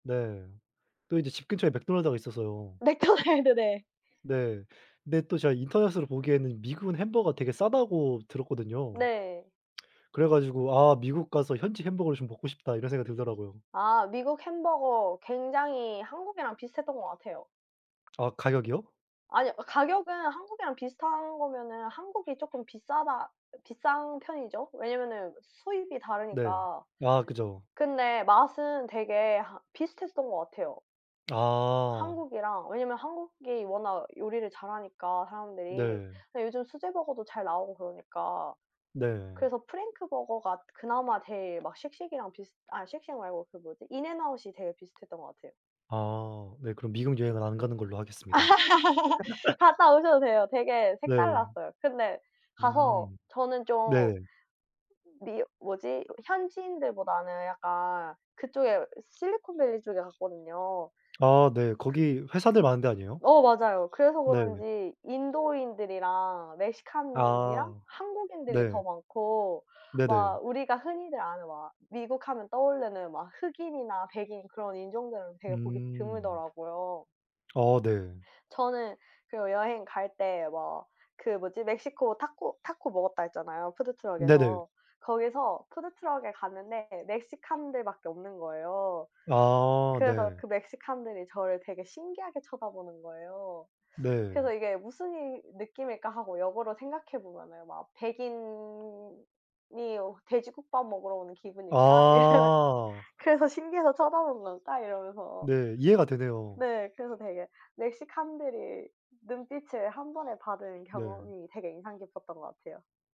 네. 또 인제 집 근처에 맥도날드가 있어서요. 맥도날드 네. 네. 근데 또 제가 인터넷으로 보기에는 미국은 햄버거가 되게 싸다고 들었거든요. 네. 그래 가지고 '아 미국 가서 현지 햄버거를 좀 먹고 싶다.' 이런 생각이 들더라고요. 아. 미국 햄버거 굉장히 한국이랑 비슷했던 것 같아요. 아 가격이요? 아니요. 아 가격은 한국이랑 비슷한 거면은 한국이 쪼끔 비싸다 비싼 편이죠, 왜냐하면은 수입이 네. 다르니까. 아 그죠. 근데 맛은 되게 하 비슷했었던 것 같아요. 아. 한국이랑 왜냐하면 한국이 워낙 요리를 잘 하니까 사람들이. 네. 근데 요즘 수제 버거도 잘 나오고 그러니까 네. 그래서 프랭크 버거가 그나마 제일 막 쉑쉑이랑 비슷 아 쉑쉑 말고 그 뭐지? 인앤아웃이 되게 비슷했던 같아요. 아. 네 그럼 미국 여행은 안 가는 걸로 하겠습니다. 갔다 오셔도 돼요. 되게 네. 색달랐어요. 근데 가서 음. 저는 좀 네. 미어 뭐지 이렇게 현지인들보다는 약간 그쪽에 이 실리콘밸리 쪽에 갔거든요. 아 네. 그 거기 회사들 많은 데 아니에요? 어 맞아요. 그래서 네. 그런지 인도인들이랑 멕시칸이랑 아. 한국인들이 네. 더 많고 막 네네. 우리가 흔히들 아는 막 미국 하면 떠오르는 막 흑인이나 백인 그런 인종들은 되게 보기 음. 드물더라고요. 어 네. 저는 그 여행 갈 때 뭐 그 뭐지? 멕시코 타코 타코 먹었다 했잖아요 네네. 푸드트럭에서. 거기서 푸드트럭에 갔는데 멕시칸들밖에 없는 거예요. 아 그래서 네. 그 멕시칸들이 저를 되게 신기하게 쳐다보는 거예요. 그래서 네. '이게 무슨 이 느낌일까?' 하고 역으로 생각해 보면은 막 '백인이 여 돼지국밥 먹으러 오는 기분일까?' 이런 아. '그래서 신기해서 쳐다보는 걸까?' 이러면서. 네 이해가 되네요. 네. 그래서 되게 멕시칸들의 눈빛을 1 번에 받은 네. 경험이 되게 인상 깊었던 것 같아요.